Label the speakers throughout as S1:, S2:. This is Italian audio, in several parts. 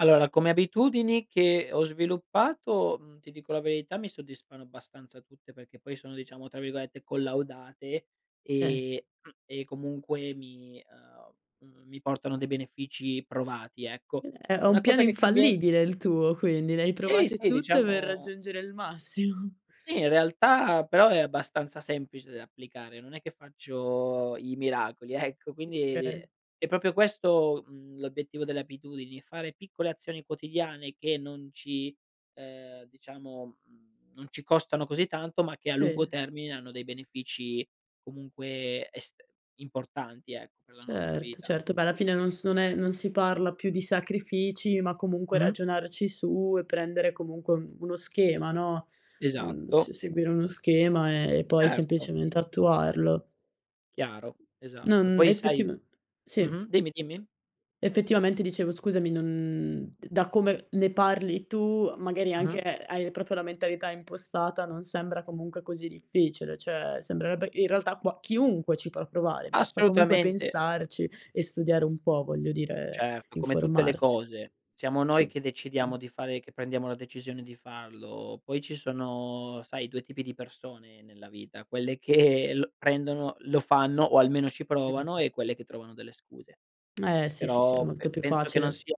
S1: Allora, come abitudini che ho sviluppato, mhmm, ti dico la verità mi soddisfano abbastanza tutte, perché poi sono diciamo tra virgolette "collaudate"
S2: Eh.
S1: e mhmm, e comunque mi, uhm, mhmm, mi portano dei benefici provati ecco.
S2: Ehm, è è un
S1: Una
S2: piano
S1: cosa che cambie
S2: infallibile il tuo quindi, le hai
S1: Sì,
S2: provate
S1: sì
S2: tutte per
S1: diciamo
S2: raggiungere il massimo.
S1: sì in realtà, però è abbastanza semplice da applicare, non è che faccio i miracoli ecco. Quindi, di
S2: Okay.
S1: è proprio questo l'obiettivo delle abitudini, fare piccole azioni quotidiane, che non ci uhm, diciamo non ci costano così tanto, ma che a lungo
S2: E
S1: termine, hanno dei benefici, comunque, est importanti, ecco, per la nostra
S2: Certo,
S1: vita.
S2: certo, beh, alla fine non s non è non si parla più di sacrifici, ma comunque
S1: Mh-mh.
S2: ragionarci su e prendere comunque un uno schema, no, un s
S1: Esatto.
S2: seguire uno schema, e poi
S1: Certo.
S2: semplicemente attuarlo.
S1: Chiaro,
S2: Non
S1: esatto. Poi sai
S2: effetiv sì.
S1: mh-mh, dimmi dimmi.
S2: Effettivamente dicevo, scusami, non d da come ne parli tu, magari anche
S1: Mh-mh.
S2: hai proprio la mentalità impostata, non sembra comunque così difficile, cioè, sembrerebbe in realtà, qua chiunque ci può provare, basta comunque
S1: Assolutamente.
S2: pensarci e studiare un po', voglio dire,
S1: Certo, come tutte le
S2: informarsi.
S1: cose, siamo noi
S2: Sì.
S1: che decidiamo di fare che prendiamo la decisione di farlo, poi ci sono, sai 2 tipi di persone nella vita, quelle che prendono, lo fanno o almeno ci
S2: Mh, mh,
S1: provano
S2: mh.
S1: e quelle che trovano delle scuse.
S2: Eh sì, sì, sì, è
S1: Però,
S2: molto
S1: pe
S2: più
S1: penso che non
S2: facile.
S1: sia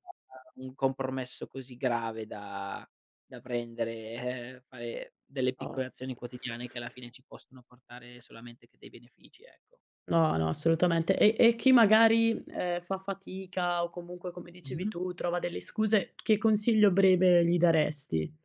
S1: un compromesso così grave da da prendere, ehm, fare delle
S2: Oh.
S1: piccole azioni quotidiane che alla fine ci possono portare solamente che dei benefici, ecco.
S2: No, no, assolutamente. E e chi magari, ehm, fa fatica o comunque, come dicevi
S1: Mh-mh.
S2: tu, trova delle scuse, che consiglio breve gli daresti?